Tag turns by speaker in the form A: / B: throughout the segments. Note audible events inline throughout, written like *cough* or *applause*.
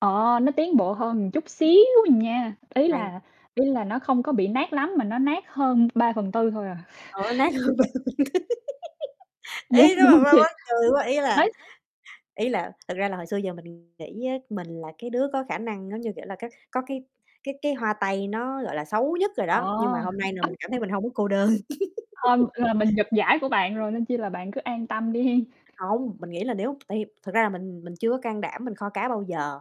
A: Ờ, nó tiến bộ hơn một chút xíu à nha, ý
B: Này
A: là ý là nó không có bị nát lắm mà nó nát hơn 3/4 thôi à.
B: Ờ, nó nát hơn
A: *chuckles*
B: *unintelligible* *laughs*
A: Dán,
B: Ý nó
A: đúng
B: là
A: hông
B: ma
A: chị?
B: mắc cười quá, ý là
A: Đấy
B: ý là thực ra là hồi xưa giờ mình nghĩ á, mình là cái đứa có khả năng, giống như kiểu là, các có cái cái cái hoa tay nó, gọi là, xấu nhất rồi
A: Ờ.
B: đó., nhưng mà hôm nay là mình cảm thấy mình hông có cô đơn.
A: Hông,
B: *laughs*
A: là mình giật giải của bạn rồi, nên chi là bạn cứ an tâm đi hén.
B: Hông, mình nghĩ là nếu tại vì thật ra là mình mình chưa có can đảm mình kho cá bao giờ,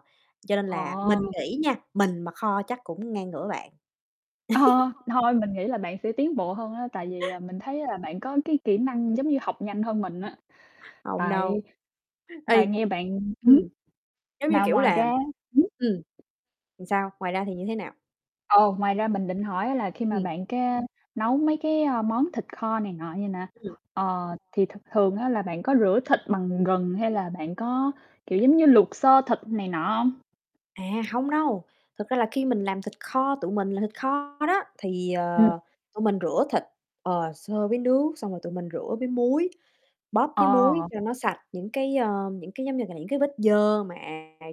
B: cho nên là mình
A: Ờ.
B: nghĩ nha, mình mà kho chắc cũng ngang ngửa bạn.
A: Ờ,
B: *laughs*
A: thôi mình nghĩ là bạn sẽ tiến bộ hơn á, tại vì, ờ, mình thấy là bạn có cái kỹ năng giống như học nhanh hơn mình á.
B: Hông đâu,
A: Tại tại
B: ây
A: nghe bạn ừm
B: ừm,
A: hứm,
B: giống như
A: mà
B: kiểu
A: ngoài
B: là
A: ra hửm?
B: ừm, thì sao? Ngoài ra thì như thế nào?
A: Ờ, ngoài ra mình định hỏi á là khi mà
B: Ừm.
A: bạn cái nấu mấy cái, ơ, món thịt kho này nọ vầy nè,
B: Ừm.
A: ờ, thì th thường á, là bạn có rửa thịt bằng gừng hay là bạn có, kiểu, giống như luộc sơ thịt này nọ hông?
B: À, hông đâu. Thực ra là khi mình làm thịt kho, tụi mình làm thịt kho đó, thì,
A: Ừm.
B: ờ, tụi mình rửa thịt, ờ, sơ với nước, xong rồi tụi mình rửa với muối, bóp với muối
A: Ờ.
B: cho nó sạch những cái, ơ những cái giống như là những cái vết dơ mà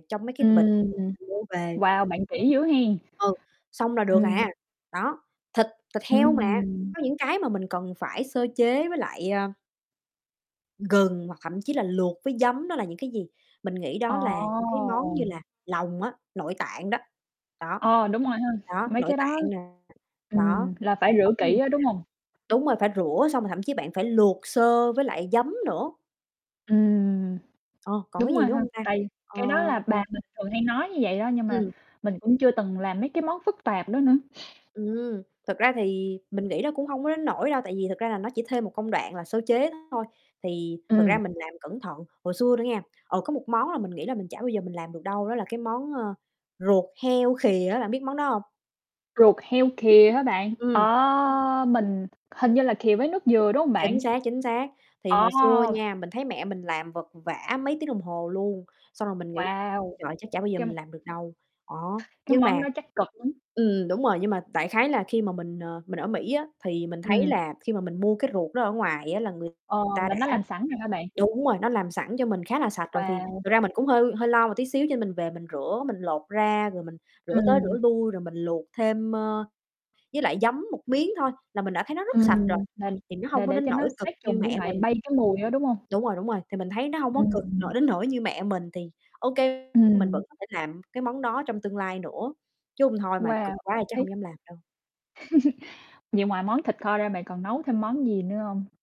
B: trong mấy cái bịch
A: Ừm.
B: *unintelligible* mua về.
A: Wow, bạn kỹ dữ hén.
B: Ừ, xong là được à,
A: Ừm.
B: đó. Thịt thịt heo mà,
A: Ừm.
B: có những cái mà mình cần phải sơ chế với lại, à gừng hoặc thậm chí là luộc với giấm, đó là những cái gì? Mình nghĩ đó là những cái món
A: Ồ.
B: như là lòng á, nội tạng đó, đó,
A: Ờ, đúng rồi ha,
B: đó,
A: mấy
B: nội
A: cái đó
B: tạng nè, đó.
A: ừm, là phải
B: Còn
A: rửa
B: còn cái gì
A: kỹ
B: nữa
A: á,
B: ta?
A: đúng hông?
B: Đúng rồi, phải rửa xong rồi thậm chí bạn phải luộc sơ với lại giấm nữa.
A: Ừm,
B: Ờ, còn
A: đúng
B: cái
A: rồi
B: gì nữa
A: ha.
B: hông ta?
A: Tại vì
B: Ờ
A: cái đó là bà mình thường hay nói như vậy đó, nhưng mà
B: Ừm.
A: mình cũng chưa từng làm mấy cái món phức tạp đó nữa.
B: Ừm, thực ra thì mình nghĩ nó cũng hông có đến nỗi đâu tại vì thật ra là nó chỉ thêm một công đoạn là sơ chế thôi, thì thật ra
A: Ừm.
B: mình làm cẩn thận. Hồi xưa nữa nghe, ờ, có một món là mình nghĩ là mình chả bao giờ mình làm được đâu, đó là cái món, ơ, ruột heo khìa á, bạn biết món đó hông?
A: Ruột heo khìa hả bạn? Ờ,
B: Ừm.
A: mình hình như là khìa với nước dừa, đúng hông bạn?
B: Chính xác, chính xác. Thì
A: Ờ.
B: hồi xưa nha, mình thấy mẹ mình làm vật vã mấy tiếng đồng hồ luôn, xong rồi mình nghĩ: "Trời ơi,
A: Wow!
B: trời ơi, chắc chả bao giờ
A: Cái m
B: mình làm được đâu", đó.
A: Cái
B: Nhưng
A: món
B: mà
A: đó chắc cực lắm.
B: ừm, đúng rồi, nhưng mà đại khái là khi mà mình, ờ, mình ở Mỹ á, thì mình thấy
A: Ừm.
B: là khi mà mình mua cái ruột đó ở ngoài á, là người
A: Ờ,
B: ta
A: là nó
B: đã
A: làm sẵn rồi hả bạn?
B: đúng rồi, nó làm sẵn cho mình khá là sạch rồi. Thì
A: Wow.
B: thực ra mình cũng hơi hơi lo một tí xíu, cho nên mình về mình rửa, mình lột ra rồi mình rửa tới
A: Ừm.
B: rửa lui, rồi mình luộc thêm, ơ, với lại giấm một miếng thôi là mình đã thấy nó rất sạch rồi.
A: Ừm, là
B: Thì nó
A: là
B: hông có
A: để
B: đến
A: cho nó
B: nỗi cực
A: sát trùng
B: như
A: với
B: mẹ
A: lại
B: mình.
A: bay cái mùi á, đúng hông?
B: Đúng rồi, đúng rồi, thì mình thấy nó hông có cực
A: Ừm.
B: nỗi đến nỗi như mẹ mình, thì OK, mình
A: Ừm.
B: vẫn có thể làm cái món đó trong tương lai nữa, chứ hông thôi mà
A: Wow,
B: cực quá thì chắc hông
A: OK.
B: dám làm đâu.
A: *chuckles* Vậy ngoài món thịt kho ra, bạn còn nấu thêm món gì nữa hông?